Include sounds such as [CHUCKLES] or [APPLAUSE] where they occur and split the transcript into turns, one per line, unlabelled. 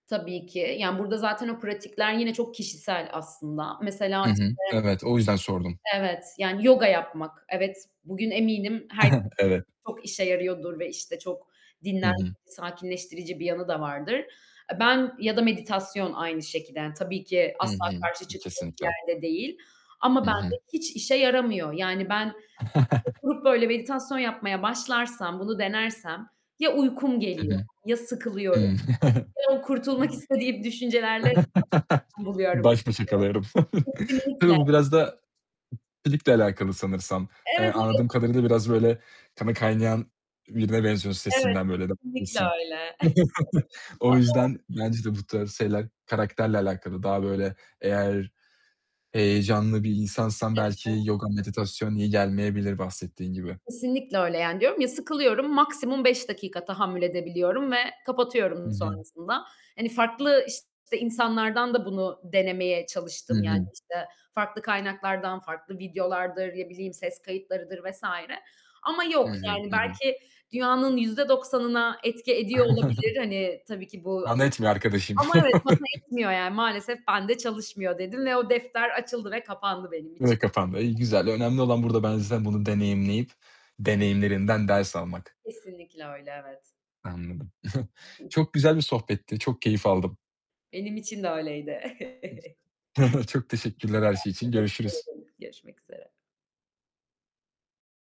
Tabii ki, yani burda zaten o pratikler yine çok kişisel aslında. Mesela
Hı
işte
hı. Evet. O yüzden sordum.
evet, yani yoga yapmak, evet, bugün eminim herkes
[GIGGLES] Evet.
çok işe yarıyordur ve işte çok
Hı
dinlendirci,
hı.
sakinleştirici bir yanında vardır. Eee, ben ya da meditasyon aynı şekilde, yani tabii ki
Hı
asla
hı.
karşı çıktığım bir
Kesinlikle.
yerde değil ama
Hı hı.
bende hiç işe yaramıyor, yani ben oturup böyle
[CHUCKLES]
meditasyon yapmaya başlarsam, bunu denersem ya uykum
Hı
geliyor
hı.
ya sıkılıyorum
Hıı.
ya da kurtulmak istediğim düşüncelerle [UNINTELLIGIBLE]
[CHUCKLES]
buluyorum.
Baş başa kalıyorum.
[UNINTELLIGIBLE]
[CHUCKLES] Tabii
Kesinlikle.
bu biraz da ikilikle alakalı sanırsam. Eee,
Evet, evet.
anladığım kadarıyla biraz böyle kanı kaynayan birine benziyorsun
Evet,
sesinden böyle. [UNINTELLIGIBLE]
kesinlikle öyle.
[CHUCKLES] O
[CHUCKLES] [UNINTELLIGIBLE]
yüzden bence de bu tarz şeyler karakterle alakalı. Daha böyle eğer heyecanlı bir insansan
He he.
belki yoga, meditasyon iyi gelmeyebilir bahsettiğin gibi.
Kesinlikle öyle yani diyorum ya sıkılıyorum, maksimum 5 dakika tahammül edebiliyorum ve
Hı
kapatıyorum
hı.
sonrasında. Hani farklı işte insanlardan da bunu denemeye
Hı
çalıştım, yani
hı.
işte farklı kaynaklardan, farklı videolardır, ne bileyim ses kayıtlarıdır vs. ama
Hı
yok
hı,
yani
hı hı.
belki dünyanın %90'ına etki ediyor olabilir
[CHUCKLES]
hani tabii ki bu
Bana etmiyor arkadaşım.
ama evet bana
[CHUCKLES]
etmiyor yani maalesef bende çalışmıyor dedim ve o defter açıldı ve kapandı benim
Bu da
için.
kapandı, iyi,
[UNINTELLIGIBLE]
güzel. Önemli olan burada bence zaten deneyimleyip, deneyimlerinden ders almak.
Kesinlikle öyle, evet.
Anladım. [GIGGLES]
Hı hı.
Çok güzel bir sohbetti, çok keyif aldım.
Benim için de öyleydi. [CHUCKLES] Ben
[GIGGLES] Çok teşekkürler her şey için, görüşürüz.
teşekkür ederim. Görüşmek üzere.